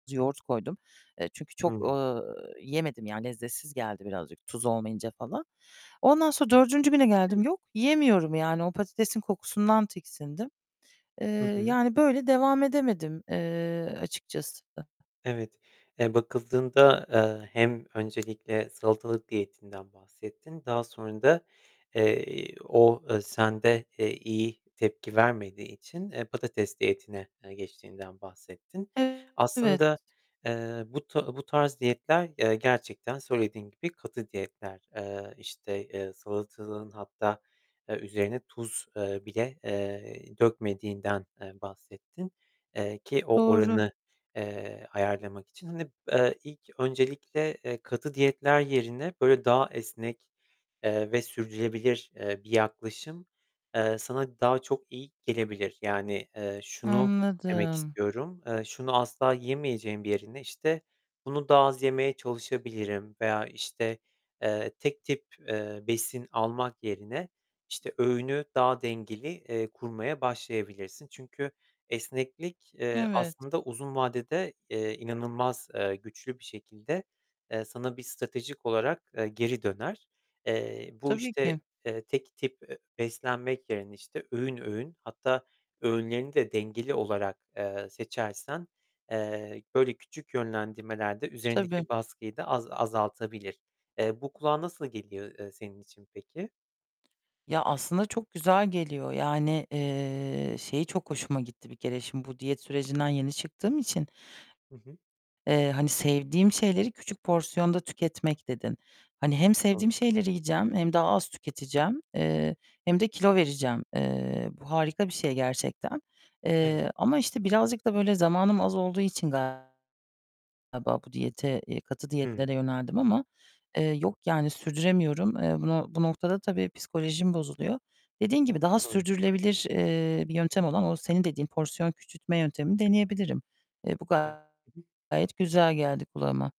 Yoğurt koydum. Eee, çünkü çok, Hı. eee, yemedim yani lezzetsiz geldi birazcık tuz olmayınca falan. Ondan sonra 4. güne geldim. [unintelligible] Yok yiyemiyorum yani o patatesin kokusundan tiksindim. Eee, Hı hı. yani böyle devam edemedim, eee, açıkçası da. Evet. Eee, bakıldığında, eee, hem öncelikle salatalık diyetinden bahsettin. Daha sonra da, eee, o, eee, sende, eee, iyi tepki vermediği için, eee, patates diyetine, eee, geçtiğinden bahsettin. Evet. Aslında, eee, bu to bu tarz diyetler, eee, gerçekten söylediğin gibi katı diyetler. Eee, işte, eee, salatalığın hatta, eee, üzerine, eee, tuz, eee, bile, eee, dökmediğinden, eee, bahsettin, eee, ki o Doğru. oranı, eee, ayarlamak için. Hani, eee, ilk öncelikle, eee, katı diyetler yerine böyle daha esnek, eee, ve sürdürebilir, eee, bir yaklaşım, eee, sana daha çok iyi gelebilir. Yani, eee, şunu demek Anladım. istiyorum. Eee, şunu asla yemeyeceğim yerine işte bunu daha az yemeye çalışabilirim veya işte, eee, tek tip, eee, besin almak yerine işte öğünü daha dengeli, eee, kurmaya başlayabilirsin. Çünkü esneklik, eee, Evet. aslında uzun vadede, eee, inanılmaz, eee, güçlü bir şekilde, eee, sana bir stratejik olarak, eee, geri döner. Eee, bu Tabii işte, ki. eee, tek tip, eee, beslenmek yerine işte öğün öğün hatta öğünlerini de dengeli, olarak, eee, seçersen, eee, böyle küçük yönlendirmelerde Tabii. üzerindeki baskıyı da az azaltabilir. Eee, bu kulağa nasıl geliyor, eee, senin için peki? Ya aslında çok güzel geliyor. Yani, eee, şeyi çok hoşuma gitti bir kere şimdi bu diyet sürecinden yeni çıktığım için, Hı hı. eee, hani sevdiğim şeyleri küçük porsiyonda tüketmek dedin. Hani hem [unintelligible] sevdiğim şeyleri yiyeceğim hem daha az tüketeceğim, eee, hem de kilo vereceğim. Eee, bu harika bir şey gerçekten. Evet. Eee, ama işte birazcık da böyle zamanım az olduğu için galiba bu diyete, eee, katı Hımm. diyetlere yöneldim ama, eee, yok yani sürdüremiyorum. Eee, bunu bu noktada tabii psikolojim bozuluyor. Dediğin gibi daha [unintelligible] sürdürülebilir, eee, bir yöntem olan o senin dediğin porsiyon küçültme yöntemini deneyebilirim. Eee, bu [unintelligible] gayet güzel geldi kulağıma.